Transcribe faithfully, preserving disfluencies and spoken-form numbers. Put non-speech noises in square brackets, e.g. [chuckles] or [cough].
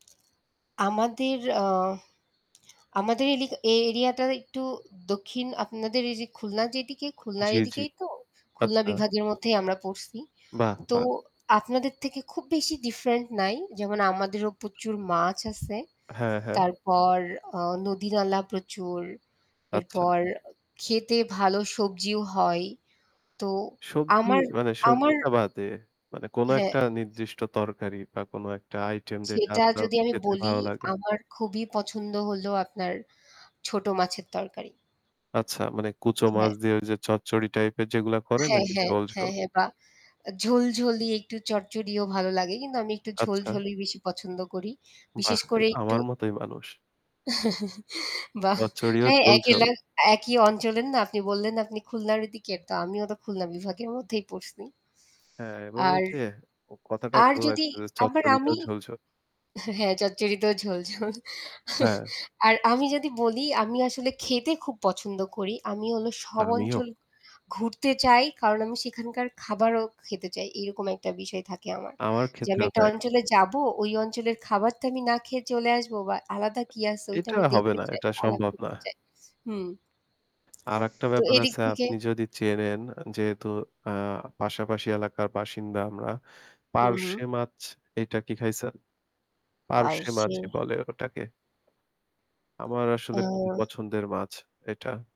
আমাদের আ আমাদের এলি এই এরিয়াটা একটু দক্ষিণ আপনাদের এই যে খুলনার যেদিকে, খুলনার জি, জি। এদিকেই তো। খুলনা আচ্ছা। বিভাগের মধ্যেই আমরা পড়ছি, বাহ! তো বাহ! আপনাদের থেকে খুব বেশি different নাই। যেমন আমাদেরও প্রচুর মাছ আছে, হ্যাঁ, হ্যাঁ। তারপর আ নদী-নালা প্রচুর, আচ্ছা। এরপর ক্ষেতে ভালো সবজিও হয়, তো সবজি আমার মানে আমার সবজিটা বাদে। মানে কোন এক হ্যাঁ। টা নির্দিষ্ট তরকারি বা কোন একটা আইটেম যেটা সেটা আপনার যদি আমি খেতে বলি ভালো লাগে। আমার খুবই পছন্দ হল আপনার ছোটো মাছের তরকারি। আচ্ছা মানে কুচো মাছ হ্যাঁ। দিয়ে ওই যে চচ্চড়ি টাইপের যেগুলা করে হ্যাঁ, নাকি হ্যাঁ, ঝোল, হ্যাঁ, ঝোল? হ্যাঁ বা আ ঝোল, ঝোল দিয়ে একটু চড়চড়িও ভালো লাগে কিন্তু আমি একটু ঝোল আচ্ছা। ঝোলই বেশি পছন্দ করি। বিশেষ বাহ! করে এতো একটু। আমার মতই মানুষ। [chuckles] বাহ! চচ্চড়ি ও হ্যাঁ ঝোল, একই ল ঝোল। একই অঞ্চলের না আপনি বললেন, আপনি খুলনার এদিকে তো আমিও তো খুলনা বিভাগের মধ্যেই পড়ছি। হ্যাঁ, এবার আর। ঐযে কথাটা আর যদি ভাললাগছে যে আবার চচ্চড়িতেও আমি ঝোল, ঝোল। হ্যাঁ, চচ্চড়িতেও ঝোল, ঝোল। [chuckles] হ্যাঁ। আর আমি যদি বলি আমি আসলে খেতে খুব পছন্দ করি। আমি হলো সব আমিও। অঞ্চল ঘুরতে চাই। কারণ আমি সেখানকার খাবারও খেতে চাই। এইরকম একটা বিষয় থাকে আমার। আমার যে আমি ক্ষেত্রেও একটা তাই। অঞ্চলে যাবো ওই অঞ্চলের খাবারটা আমি না খেয়ে চলে আসবো বা আলাদা কি আছে ওইটা এটা আমি হবে দেখতে না। চাই এটা আলাপ সম্ভব না। করতে চাই, হুম। আরেকটা তো ব্যাপার এদিক আছে, থেকে আপনি যদি চেনেন আ যেহেতু আ পাশাপাশি এলাকার বাসিন্দা আমরা, হু, হু। 'পার্শে' মাছ এইটা কি খাইছেন? 'পার্শে' পার্শে। মাছই বলে ওটাকে। আমার আসলে খুবই অ্যা পছন্দের মাছ এটা।